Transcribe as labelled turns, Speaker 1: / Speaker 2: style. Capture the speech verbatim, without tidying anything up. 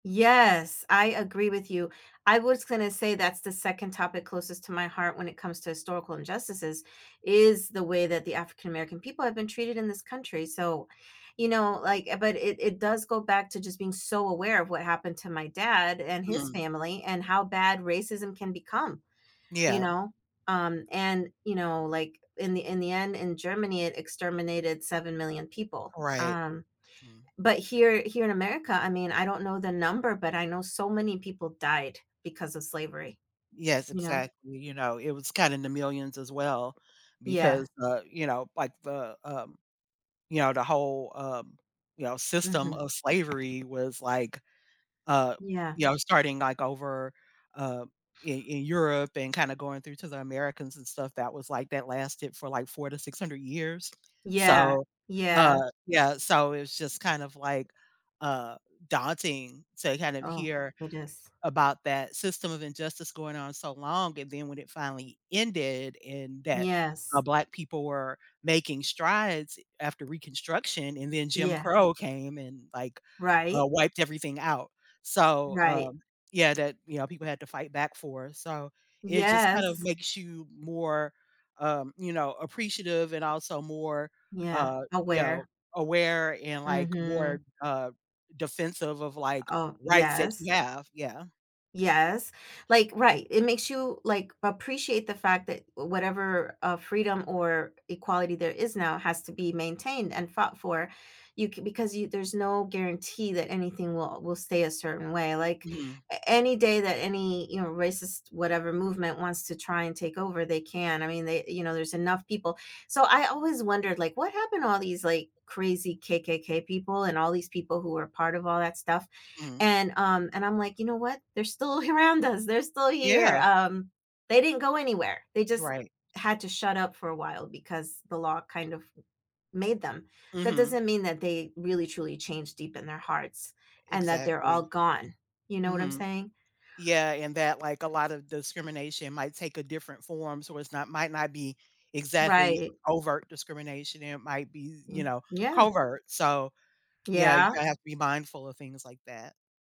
Speaker 1: Yes, I agree with you. I was gonna say that's the second topic closest to my heart when it comes to historical injustices is the way that the African American people have been treated in this country. So, you know, like but it it does go back to just being so aware of what happened to my dad and his
Speaker 2: Mhm.
Speaker 1: family, and how bad racism can become, you
Speaker 2: Yeah.
Speaker 1: know, um, and, you know, like, in the in the end, in Germany it exterminated 7,000,000 people,
Speaker 2: Right.
Speaker 1: um,
Speaker 2: Mm.
Speaker 1: but here, here in America, I mean, I don't know the number, but I know so many people died because of slavery,
Speaker 2: Yes,
Speaker 1: you know?
Speaker 2: exactly, you know, it was kinda in the millions as well,
Speaker 1: Yeah.
Speaker 2: because, uh, you know, like, the, um, you know, the whole, um, you know, system
Speaker 1: Mhm.
Speaker 2: of slavery was, like, uh,
Speaker 1: Yeah.
Speaker 2: you know, starting, like, over, uh, in in Europe and kinda going through to the Americans and stuff that was, like, that lasted for, like, four to six hundred years.
Speaker 1: Yeah,
Speaker 2: So, uh,
Speaker 1: yeah.
Speaker 2: yeah, so, it's just kind of, like, uh, daunting to kind of
Speaker 1: Oh,
Speaker 2: hear
Speaker 1: it is.
Speaker 2: about that system of injustice going on so long and then when it finally ended and that, uh,
Speaker 1: Yes.
Speaker 2: black people were making strides, eh, after Reconstruction, and then Jim
Speaker 1: Yeah.
Speaker 2: Crow came and, like, uh,
Speaker 1: Right.
Speaker 2: wiped everything out. So,
Speaker 1: Right.
Speaker 2: um, yeah, that, you know, people had to fight back for, so, it just kind of
Speaker 1: Yes.
Speaker 2: makes you more, um, you know, appreciative and also more,
Speaker 1: Yeah,
Speaker 2: uh, you know,
Speaker 1: aware.
Speaker 2: aware and, like,
Speaker 1: Mhm.
Speaker 2: more, uh, defensive of, like,
Speaker 1: Oh,
Speaker 2: rights that
Speaker 1: yes.
Speaker 2: you have, yeah.
Speaker 1: Yes, like, right, it makes you, like, appreciate the fact that, eh, whatever, uh, freedom or equality there is now has to be maintained and fought for. You can because you there's no guarantee that anything will will stay a certain way. Like,
Speaker 2: Mhm.
Speaker 1: a any day that any, you know, racist whatever movement wants to try and take over, they can. I mean, they you know, there's enough people. So, I always wondered, like, what happened to all these, like, crazy KKK people and all these people who were part of all that stuff,
Speaker 2: Mhm.
Speaker 1: and, um, and I'm, like, you know what, they're still around us, they're still here,
Speaker 2: Yeah.
Speaker 1: um, they didn't go anywhere, they just
Speaker 2: Right.
Speaker 1: had to shut up for a while, because the law kind of made them. That
Speaker 2: Mhm.
Speaker 1: doesn't mean that they really truly changed deep in their hearts,
Speaker 2: E
Speaker 1: and that they're all
Speaker 2: exactly.
Speaker 1: gone, you know what I'm
Speaker 2: Mhm.
Speaker 1: saying?
Speaker 2: Yeah, and that, like, a lot of discrimination might take a different form, so, it's not might not be exactly
Speaker 1: Right.
Speaker 2: overt discrimination and it might be, eh, you
Speaker 1: Mm,
Speaker 2: know,
Speaker 1: yeah.
Speaker 2: covert, so, yeah, you
Speaker 1: Yeah.
Speaker 2: have to be mindful of things like that.